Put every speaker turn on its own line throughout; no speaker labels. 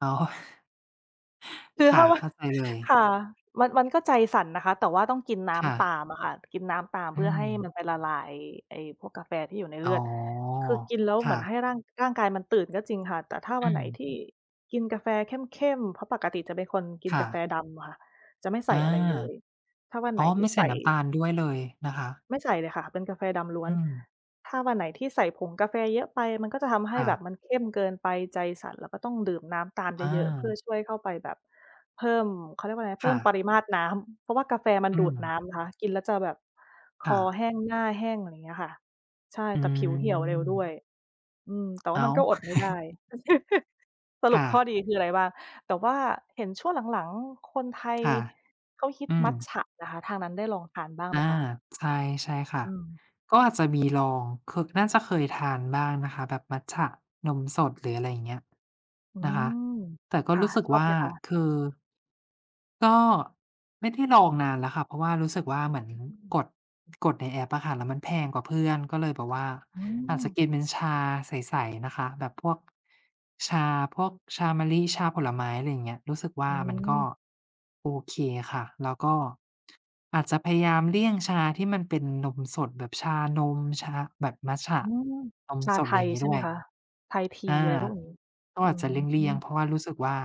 อ๋อ
คือ
ค
ถ
่
้า
ะ
ว่า
เข้าใจเลย
ค่ะ มัน มันก็ใจสั่นนะคะ แต่ว่าต้องกินน้
ค่
ำต
ะ
ามอะค่ะ กินน้ำตาม
อ
เ
ื
พื่อให้มั
ม
นไปละลาย ไอ้พวกกาแฟที่อยู่ในเ
อ
ล
๋อ
ือด คือกินแล้ว
ค
เหม
่
ือน
ะ
ให้ร่าง ร่างกายมันตื่นก็จริงค่ะ แต่ถ้า
อื
วันไหน
ม
ที่กินกาแฟเข้ม ๆ เพราะปกติจะเป็นคนกิน
ค่
กาแฟ
ะ
ดำค่ะ จะไม่ใส
อ
่
า
อะไรเลย ถ้าวัน
อ
ไ
๋
ห
อ
นท
ไ
ี
ม
่
่ใส
ใส
่
่
น้ำตาลด้วยเลยนะคะ
ไม่ใส่เลยค่ะ เป็นกาแฟดำล้
อ
ว
ื
น
ม
ถ้าวันไหนที่ใส่ผงกาแฟเยอะไป มันก็จะทำให
ค
้
่
แบ
ะ
บมันเข้มเกินไป ใจสั่นแล้วก็ต้องดื่มน้ำตามเ
อ
ยอะ ๆ เพื่อ
า
ช่วยเข้าไปแบบเพิ่ม เขาเรียกว่าอะไรนะ เ
ค
พิ่
่
ม
ะ
ปริมาตรน้ำ เพราะว่ากาแฟมัน
อื
ดูด
ม
น้ำนะคะ กินแล้วจะแบบ ค
ค่
อ
ะ
แห้ง หน้าแห้ง อะไรอย่างเงี้ยค่ะ ใช่
อื
แต่ผิวเหี่ยวเร็วด้
ม
วย อืม แต่ว
อ
่า
้
ม
า
ัน
ว
ก็อดไม่ได้ ส
ค
รุ
่
ปข้อ
ะ
ดีคืออะไรบ้าง แต่ว่าเห็นช่วงหลัง ๆ คนไทย
ค่ะ
เขาฮิ
อ
ต
ื
มัต
ม
จะนะคะ ทางนั้นได้ลองทานบ้าง
อ
ไห
า
มคะ?
ใช่ ใช่ค่ะ
อืม
ก็อาจจะมีลอง ค น่าจะเคยทานบ้างนะคะ แบบมัตจะนมสด หรืออะไรอย่างเงี้ย
อื
นะคะ
ม
แต่ก็
ค่ะ
รู้สึก
ชอบ
ว่
ไ
า
หมคะ?
คือ ก็ไม่ได้ลองนานแล้วค่ะ เพราะว่ารู้สึกว่า เหมือน
อืม
กด กดในแอปอะค่ะ แล้วมันแพงกว่าเพื่อนก็เลยแบบว่า
อื
อาจจะ
ม
กินเป็นชาใส ๆ นะคะ แบบพวกชา พวกชามะลิ ชาผลไม้ อะไรอย่างเงี้ย รู้สึกว
อ
่า
ื
มันก็
ม
โอเคค่ะ แล้วก็อาจจะพยายามเลี่ยงชาที่มันเป็นนมสดแบบชานม ชาแบบมัตจะ
อืม
นม
ชา
ส
ไ
ด
ท
อะไรอ
ย
ย่างนี
ใ
้
ช่
ด
ไห
้
ม
วย
คะ? Thai
อ
Tea
า
อะไร พวกนี้
ก็
อื
อาจจะเลี่ยง
อ
ๆ เพราะว่ารู้สึกว่า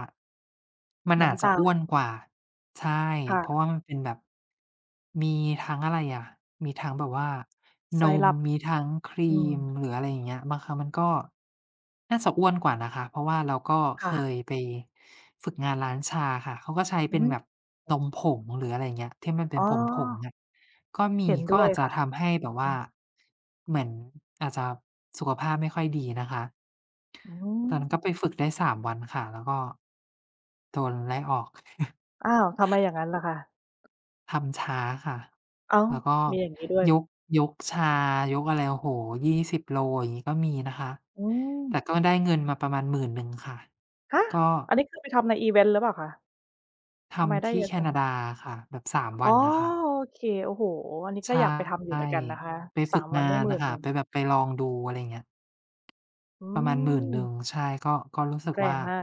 มัน
น
อ
้
าจ
ำ
จ
ต
ะ
า
อ้ว
ล
นกว่า ใช่
ค่
เพร
ะ
าะว่ามันเป็นแบบ มีทั้งอะไรอะ มีทั้งแบบว่านม
Syrup
มีทั้งครี
อื
ม
ม
หรืออะไรอย่างเงี้ย บางครั้งมันก็น่าจะอ้วนกว่านะคะ เพราะว่าเราก็
ค
เ
่
ค
ะ
ยไปฝึกงานร้านชาค่ะ เขาก็ใช้
อ
เ
ื
ป็น
ม
แบบนมผง หรืออะไรอย่างนี้ที่มันเป
อ
็
๋
นผง
อ
ๆ อะ ก็ม
เห
ี
็น
ก
ด
็
้ว
อ
ย
าจจ
ค
ะ
่ะ
ทำให้แบบว
อื
่า
อ
เหมือนอาจจะสุขภาพไม่ค่อยดีนะคะ
อื
ตอนนั้นก็
ม
ไปฝึกได้ 3 วันค่ะ แล้วก็โดนไล่ออก
อ้าว ทำไมอย่างนั้นล่ะคะ?
ทำช้าค่ะ
อ้า
แ
ว
ล้วก็
มีอย่างงี้ด้วย?
ยก ยกชา ยกอะไร โอ้โฮ 20 โล อย่างนี้ก็มีนะคะ
อื
แต่
ม
ก็ได้เงินมาประมาณ 10,000 ค่ะ
ฮะ
ก็
อันนี้คือไปทำในอิเวนต์หรือเปล่าคะ?
ท
ทำไมไ
ำ
ด
ท
้
ี
เ
่
ยอะ
แค
จั
น
ง?
าดาค่ะ แบบ 3
อ
ว
๋อ
ันค่ะ
โอเค โอ้โฮ อันนี้
ใ
ก
ช
็
่
อยากไปทำอยู่เหมือนกันนะคะ
ไป
สา
ฝึก
ม ว
ง
ัน
า
ได้
น
หมื
อ
่
ะ
น
ค
ห
่
น
ะ
ึ่ง
ไปแบบไปลองดู อะไรอย่างเงี้ย
อื
ประมาณ หมื่นหนึ่
ม
ง ใช่ ก็ ก็รู้สึก
แร
ว่า
งมาก